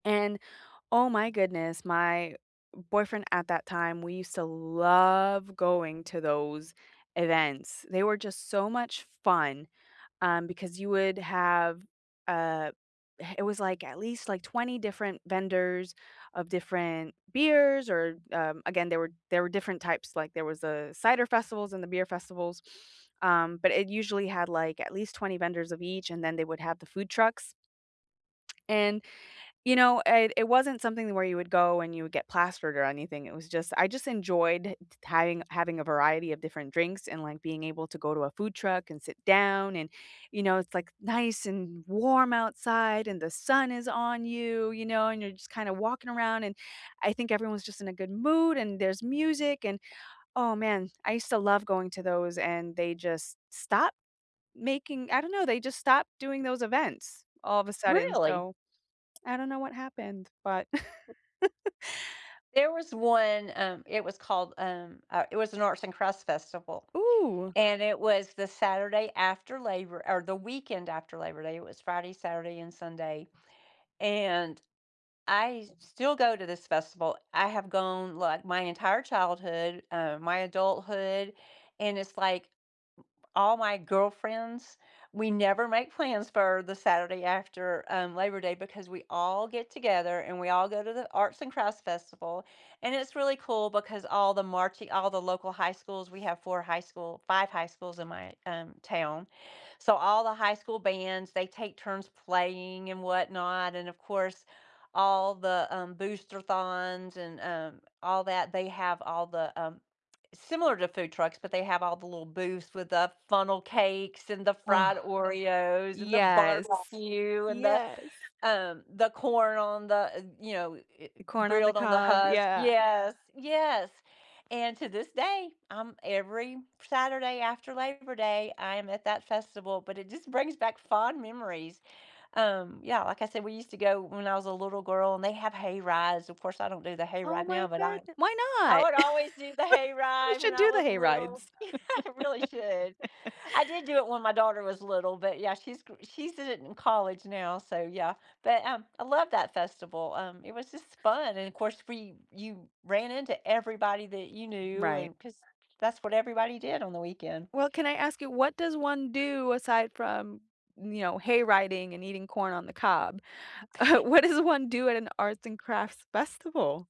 And, oh my goodness, my boyfriend at that time, we used to love going to those events. They were just so much fun, um, because you would have uh, eh, it was like, at least, like, 20 different vendors of different beers or, um, again, there were there were different types, like, there was a cider festivals and the beer festivals, um, but it usually had, like, at least 20 vendors of each and then they would have the food trucks and, you know, uh, it wasn't something the where you would go and you would get plastered or anything, it was just I just enjoyed t having having a variety of different drinks and, like, being able to go to a food truck and sit down and, you know, it's, like, nice and warm outside and the sun is on you, you know, and you're just kinda walking around, and I think everyone's just in a good mood, and there's music and oh, man, I used to love going to those and they just stopped making I don't know, they just stopped doing those events all of a sudden, Really? so, I don't know what happened, but There was one, um, it was called, um uh, it was an Arts and Crafts festival, Ooh. and it was the Saturday after Labor or the weekend after Labor day, it was Friday, Saturday, and Sunday, and I still go to this festival. I have gone, like, my entire childhood, um, my adulthood, and it's, like, all my girlfriends, we never make plans for the Saturday after, um, Labor Day because we all get together and we all go to the Arts and Crafts Festival, and it's really cool because all the marching all the local high schools, we have 4 high school 5 high schools in my, um, town. So, all the high school bands, they take turns playing and whatnot, and, of course, all the, um, Boosterthons and, um, all that, they have all the, um similar to food trucks, but they have all the little booths with the funnel cakes, and the fried Oreos, and the Yes. barbecue, and the, Yes. um, the corn on the uh, you know, eh eh, The corn on the grilled on the cob, husk. yeah. Yes. Yes. And to this day, I'm every Saturday after Labor Day, I am at that festival, but it just brings back fond memories. Um, yeah, like I said, we used to go when I was a little girl and they have hay rides, of course, I don't do the hay Oh ride my now, but I goodne Why I not? would always do the hay We ride when should I do the was little, hayrides. I really should. I did do it when my daughter was little, but, yeah, she's gr she's in it in college now, so, yeah. But, um, I love that festival, um, it was just fun, and of course, free you ran into everybody that you knew Right. and 'cause that's what everybody did on the weekend. Well, can I ask you, what does one do aside from, you know, hay riding and eating corn on the cob? What does one do at an arts and crafts festival?